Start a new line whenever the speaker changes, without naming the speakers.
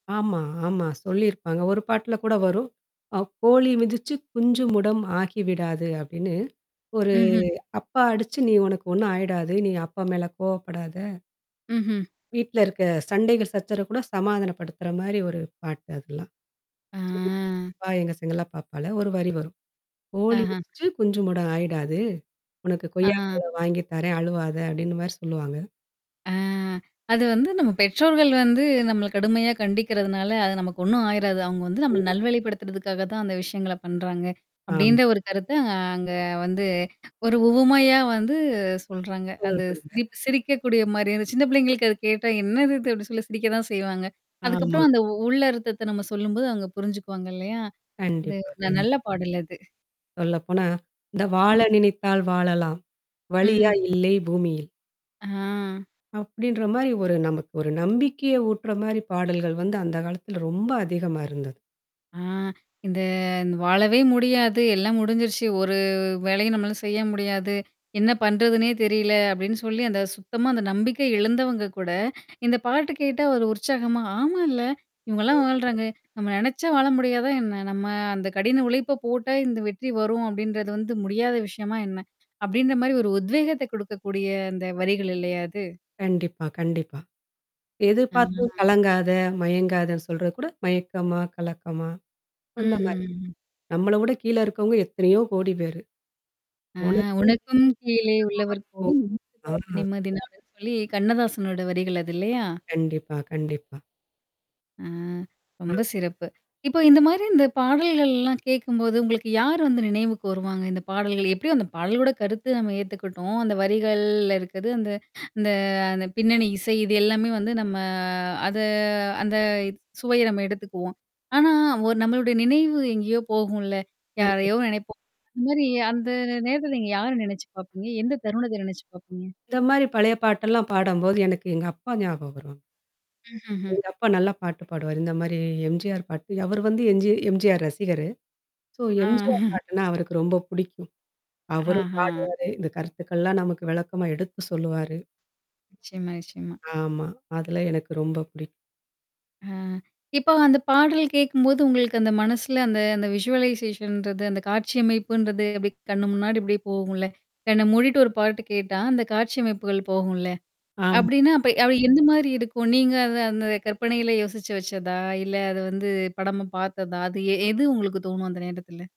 ஆமா, ஆமா சொல்லியிருப்பாங்க. ஒரு பாட்ல கூட வரும். அ கோழி மிதிச்சு குஞ்சு முடம் ஆகிவிடாது அப்பாடின்னு ஒரு
ம்ஹ்ம்.
அப்பா அடிச்சு நீ உனக்கு ஒண்ணும் ஆயிடாது. நீ அப்பா மேல கோவப்படாத.
ம்ஹ்ம்.
வீட்ல இருக்க சண்டைகள் சச்சரவு கூட சமாதானப்படுத்துற மாரி ஒரு பாட்டு அதெல்லாம்.
ஆ.
சின்ன பாப்பா எங்க செல்ல பாப்பால. ஒரு வரி வரும். கோழி
ஆஹ.
மிதிச்சு குஞ்சு முடம் ஆயிடாது உனக்கு கொய்யா
ஆஹ.
பழம் வாங்கி தரேன், அழுவாத அப்டின்னுமாரி சொல்லுவாங்க.
ஆ. அது வந்து நம்ம பெற்றோர்கள் வந்து நம்மள கடுமையா கண்டிக்கிறதுனால, அது நமக்கு ஒண்ணும் ஆயிராது. அவுங்க வந்து நம்மள
ம்.
நல்வழிப்படுத்துறதுக்காக தான் அந்த விஷயங்கள பண்றாங்க.
ஆமா.
அப்பிடின்ற ஒரு கருத்த, அ அங்க வந்து ஒரு உவமையா வந்து சொல்றாங்க.
ம்.
அது
சொல்லுங்க.
சிரிப் சிரிக்கக்கூடிய மாரியா சின்ன பிள்ளைங்களுக்கு அது கேட்டா என்னது இது அப்பிடி சொல்லி சிரிக்க தான் செய்வாங்க.
ஆமா.
அதுக்கப்புறம் அந்த உள்ள அர்த்தத்த நம்ம சொல்லும்போது அங்க புரிஞ்சுக்குவாங்க இல்லயா? அது
கண்டிப்பா,
ந
கண்டிப்பா.
நல்ல பாடல் அது.
சொல்ல போனா. இந்த
ம்.
வாழ நினைத்தால் வாழலாம்
ம்ஹ்ம்.
வழியா இல்லை பூமியில்.
ஆ.
அப்பிடின்றமாரி ஒரு நமக்கு ஒரு நம்பிக்கைய ஊட்டுறமாரி பாடல்கள் வந்து அந்த காலத்தில ரொம்ப அதிகமா இருந்தது.
ஆ, இந்த வாழவே முடியாது. எல்லாம் முடிஞ்சிருச்சு. ஒரு வேலையும் நம்மளால செய்ய முடியாது. என்ன பண்றதுன்னே தெரியல அப்பிடின்னு சொல்லி, அந்த சுத்தமா அந்த நம்பிக்கை இழுந்தவங்க கூட, இந்த பாட்டு கேட்டா ஒரு உற்சாகமா ஆமா. இல்ல. இவுங்கல்லாம்
ஆ.
வாழ்றாங்க. நம்ம நெனச்சா வாழ முடியாதா என்ன? நம்ம அந்த கடின உழைப்ப போட்டா, இந்த வெற்றி வரும் அப்பிடின்றது வந்து முடியாத விஷயமா என்ன? அப்பிடின்ற மாரி ஒரு உத்வேகத்த குடுக்கக்கூடிய அந்த வரிகள் இல்லயா அது?
கண்டிப்பா, கண்டிப்பா. எதிர்பார்த்தும்
ஆ.
கலங்காத, மயங்காதன்னு சொல்றதுகூட மயக்கமா, கலக்கமா அந்த
மஹ்ம்,
மாரி.
ம்.
நம்மள விட கீழ இருக்கவங்க எத்தனையோ கோடி பேரு.
ஆ
உனக்கு
உனக்கும் கீழே உள்ளவர் கோடி.
[unintelligible]
[unintelligible] எங்கே
ஆ.
நிம்மதி நாடுன்னு சொல்லி அப்பிடின்னு சொல்லி கண்ணதாசனோட வரிகள் அது இல்லயா!
கண்டிப்பா. கண்டிப்பா.
ஆ.
ஆ.
ரொம்ப சிறப்பு. இப்போ இந்தமாரி இந்த பாடல்கள்லாம் கேட்கும்போது, உங்களுக்கு யார் வந்து நினைவுக்கு வருவாங்க? இந்த பாடல்கள் எப்படியோ அந்த பாடலோட கருத்து நம்ம ஏத்துக்கிட்டோம், அந்த வரிகள்ல இருக்குது அந்த இந்த அந்த பின்னணி இசை, இது எல்லாமே வந்து நம்ம அத அந்த சுவைய நம்ம எடுத்துக்குவோம். ஆனா ஒரு நம்மளுடைய நினைவு எங்கேயோ போகும்ல. யாரையோ
கண்டிப்பா.
நெனைப்போம். அது மாரி அந்த நே நேரத்தில நீங்க யார நினைச்சு பார்ப்பீங்க? எந்த தருணத்த நினைச்சு பாப்பீங்க?
இந்த மாரி பழைய பாட்டெல்லாம் பாடும்போது எனக்கு எங்க அப்பா ஞாபகம் வரும்.
ம்ஹ்ம், ம்.
எங்க அப்பா நல்லா பாட்டு பாடுவாரு. இந்த மாரி எம்ஜிஆர் பாட்டு அவரு வந்து என்ஜி எம்ஜிஆர் ரசிகரு. சோ
ஆ.
எம்ஜிஆர் பாட்டுன்னா அவருக்கு ரொம்ப புடிக்கும். அவரும்
ஆஹ!
பாடுவாரு. இந்த கருத்துக்கள்லாம் நமக்கு விளக்கமா எடுத்து சொல்லுவாரு.
நிச்சயமா, நிச்சயமா.
ஆமா. அதல்லாம் எனக்கு ரொம்ப பிடிக்கும்.
ஆ, இப்போ அந்த பாடல் கேட்கும்போது உங்களுக்கு அந்த மனசுல அந்த, அந்த விஷூவலைசேஷன்றது, அந்த காட்சியமைப்புன்றது அப்பிடி கண்ணு முன்னாடி இப்பிடியே போகும்ல. கண்ண மூடிட்டு ஒரு பாட்டு கேட்டா, அந்த காட்சிமைப்புகள் போகும்ல.
ஆமா.
அப்பிடின்னா, அப்ப அவ எந்தமாரி இருக்கும்? நீங்க அத அந்த கற்பனையில யோசிச்சு வச்சதா? இல்ல அத வந்து படமா பார்த்ததா? அது எ எது உங்களுக்கு தோணும் அந்த நேரத்துல?